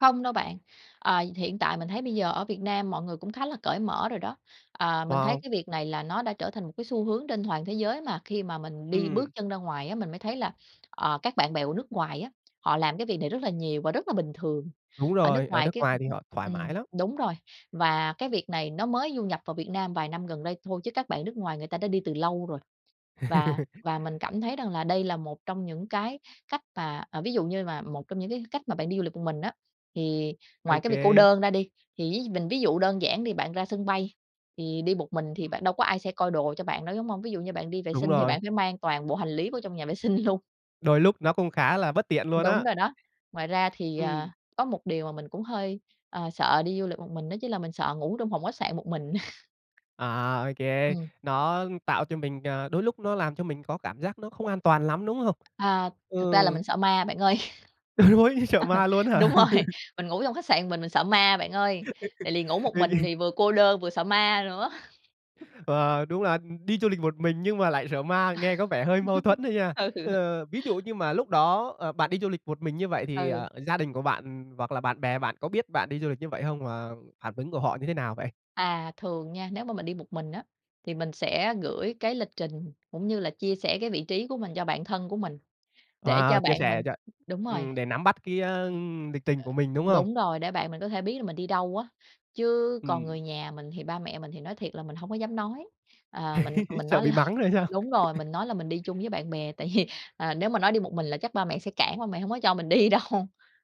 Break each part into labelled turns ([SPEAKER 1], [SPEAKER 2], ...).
[SPEAKER 1] Không đâu bạn, ờ, hiện tại mình thấy bây giờ ở Việt Nam mọi người cũng khá là cởi mở rồi đó. À, mình thấy
[SPEAKER 2] Wow.
[SPEAKER 1] cái việc này là nó đã trở thành một cái xu hướng trên toàn thế giới mà khi mà mình đi bước
[SPEAKER 2] Ừm.
[SPEAKER 1] chân ra ngoài á, mình mới thấy là, à, các bạn bè của nước ngoài á, họ làm cái việc này rất là nhiều và rất là bình thường.
[SPEAKER 2] Đúng
[SPEAKER 1] Ở nước
[SPEAKER 2] rồi. Ở
[SPEAKER 1] ngoài
[SPEAKER 2] nước
[SPEAKER 1] cái
[SPEAKER 2] ngoài thì họ thoải
[SPEAKER 1] ừm,
[SPEAKER 2] mái lắm.
[SPEAKER 1] đúng rồi, và cái việc này nó mới du nhập vào Việt Nam vài năm gần đây thôi, chứ các bạn nước ngoài người ta đã đi từ lâu rồi. Và và mình cảm thấy rằng là đây là một trong những cái cách mà ờ, ví dụ như mà một trong những cái cách mà bạn đi du lịch một mình á, thì ngoài
[SPEAKER 2] Ô
[SPEAKER 1] cái việc cô
[SPEAKER 2] kê.
[SPEAKER 1] đơn ra đi, thì ví mình ví dụ đơn giản đi, bạn ra sân bay thì đi một mình thì bạn
[SPEAKER 2] Ừm.
[SPEAKER 1] đâu có ai sẽ coi đồ cho bạn đâu, đúng hông? Ví dụ như bạn đi vệ
[SPEAKER 2] Đúng
[SPEAKER 1] sinh thì
[SPEAKER 2] rồi.
[SPEAKER 1] bạn phải mang toàn bộ hành lý vô trong nhà vệ sinh luôn.
[SPEAKER 2] Đôi lúc nó cũng khá là bất tiện luôn
[SPEAKER 1] Đúng
[SPEAKER 2] á.
[SPEAKER 1] rồi đó. Ngoài ra thì,
[SPEAKER 2] Ừm.
[SPEAKER 1] à, có một điều mà mình cũng hơi, ờ, sợ đi du lịch một mình đó chính là mình sợ ngủ trong phòng khách sạn một mình.
[SPEAKER 2] À, ô kê.
[SPEAKER 1] Ừm.
[SPEAKER 2] Nó tạo cho mình, à đôi lúc nó làm cho mình có cảm giác nó không an toàn lắm, đúng hông?
[SPEAKER 1] À, thật ra là
[SPEAKER 2] Ừ.
[SPEAKER 1] mình sợ ma bạn ơi.
[SPEAKER 2] Ôi, sợ ma luôn ấy hả?
[SPEAKER 1] Đúng rồi. Mình ngủ trong khách sạn mình mình sợ ma bạn ơi, tại lì ngủ một
[SPEAKER 2] Ô
[SPEAKER 1] mình
[SPEAKER 2] kê.
[SPEAKER 1] thì vừa cô đơn vừa sợ ma nữa.
[SPEAKER 2] Ờ, đúng là, ừm, đi du lịch một mình nhưng mà lại sợ ma, nghe có vẻ hơi mâu thuẫn á nha.
[SPEAKER 1] Ừ.
[SPEAKER 2] Ờ, ví dụ như mà lúc đó, ờ, bạn đi du lịch một mình như vậy thì,
[SPEAKER 1] Ừ.
[SPEAKER 2] ờ, gia đình của bạn, ừm, hoặc là bạn bè bạn có biết bạn đi du lịch như vậy hông? Và phản ứng của họ như thế nào vậy?
[SPEAKER 1] À, thường nha, nếu mà mình đi một mình á, thì mình sẽ gửi cái lịch trình cũng như là chia sẻ cái vị trí của mình cho bạn thân của mình, để
[SPEAKER 2] À,
[SPEAKER 1] cho
[SPEAKER 2] chia
[SPEAKER 1] bạn
[SPEAKER 2] sẻ
[SPEAKER 1] mình
[SPEAKER 2] cho
[SPEAKER 1] đúng rồi.
[SPEAKER 2] ừm, để nắm bắt cái, ơ, lịch trình của mình, đúng hông?
[SPEAKER 1] Đúng rồi, để bạn mình có thể biết là mình đi đâu á, chứ còn người
[SPEAKER 2] Ừm.
[SPEAKER 1] nhà mình thì ba mẹ mình thì nói thiệt là mình hổng có dám nói, à, mình mình
[SPEAKER 2] Sợ
[SPEAKER 1] nói
[SPEAKER 2] bị
[SPEAKER 1] là
[SPEAKER 2] mắng rồi sao?
[SPEAKER 1] đúng rồi, mình nói là mình đi chung với bạn bè, tại vì, à, nếu mà nói đi một mình là chắc ba mẹ sẽ cản ba mẹ hông có cho mình đi đâu.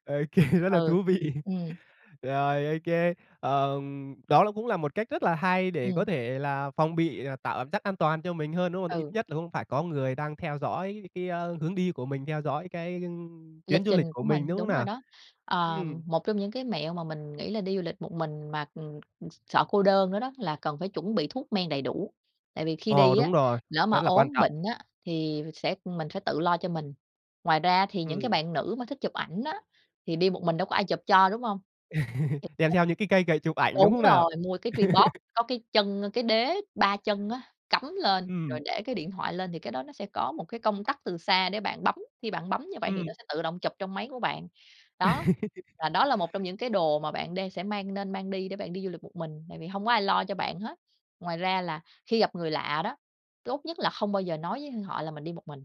[SPEAKER 2] Ô kê, rất là
[SPEAKER 1] Ừ,
[SPEAKER 2] thú vị.
[SPEAKER 1] ừm.
[SPEAKER 2] Rồi, ô kê. Ờ, đó là cũng là một cách rất là hay để có
[SPEAKER 1] Ừm.
[SPEAKER 2] thể là phòng bị, ờ, tạo cảm giác an toàn cho mình hơn, đúng hông? Tại ít
[SPEAKER 1] Ừ.
[SPEAKER 2] nhất là cũng phải có người đang theo dõi cái, ơ, hướng đi của mình, theo dõi cái, ưm,
[SPEAKER 1] Lịch
[SPEAKER 2] chuyến du lịch
[SPEAKER 1] trình
[SPEAKER 2] của
[SPEAKER 1] của
[SPEAKER 2] mình,
[SPEAKER 1] mình
[SPEAKER 2] đúng hông
[SPEAKER 1] đúng rồi
[SPEAKER 2] nào?
[SPEAKER 1] đó. Ờ,
[SPEAKER 2] Ừm.
[SPEAKER 1] một trong những cái mẹo mà mình nghĩ là đi du lịch một mình mà, ừm, ừ, sợ cô đơn nữa đó là cần phải chuẩn bị thuốc men đầy đủ, tại vì khi
[SPEAKER 2] Ồ,
[SPEAKER 1] đi á,
[SPEAKER 2] đúng rồi,
[SPEAKER 1] lỡ mà
[SPEAKER 2] rất là quan
[SPEAKER 1] ốm
[SPEAKER 2] trọng.
[SPEAKER 1] bệnh á thì sẽ, ừm, mình phải tự lo cho mình. Ngoài ra á thì những cái
[SPEAKER 2] Ừm.
[SPEAKER 1] bạn nữ mà thích chụp ảnh á, thì đi một mình đâu có ai chụp cho, đúng hông?
[SPEAKER 2] Đem theo những cái cây gậy chụp
[SPEAKER 1] [unintelligible]
[SPEAKER 2] ảnh, đúng
[SPEAKER 1] Đúng
[SPEAKER 2] hông nào?
[SPEAKER 1] rồi, mua cái Tripod có cái chân, ơ, cái đế ba chân á cắm lên rồi
[SPEAKER 2] Ừm.
[SPEAKER 1] để cái điện thoại lên thì cái đó nó sẽ có một cái công tắc từ xa để bạn bấm, khi bạn bấm như vậy thì
[SPEAKER 2] Ừm.
[SPEAKER 1] nó sẽ tự động chụp trong máy của bạn, đó. Và đó là một trong những cái đồ mà bạn đang sẽ mang nên mang đi để bạn đi du lịch một mình, tại vì hông có ai lo cho bạn hết. Ngoài ra là khi gặp người lạ đó, tốt nhất là không bao giờ nói với họ là mình đi một mình.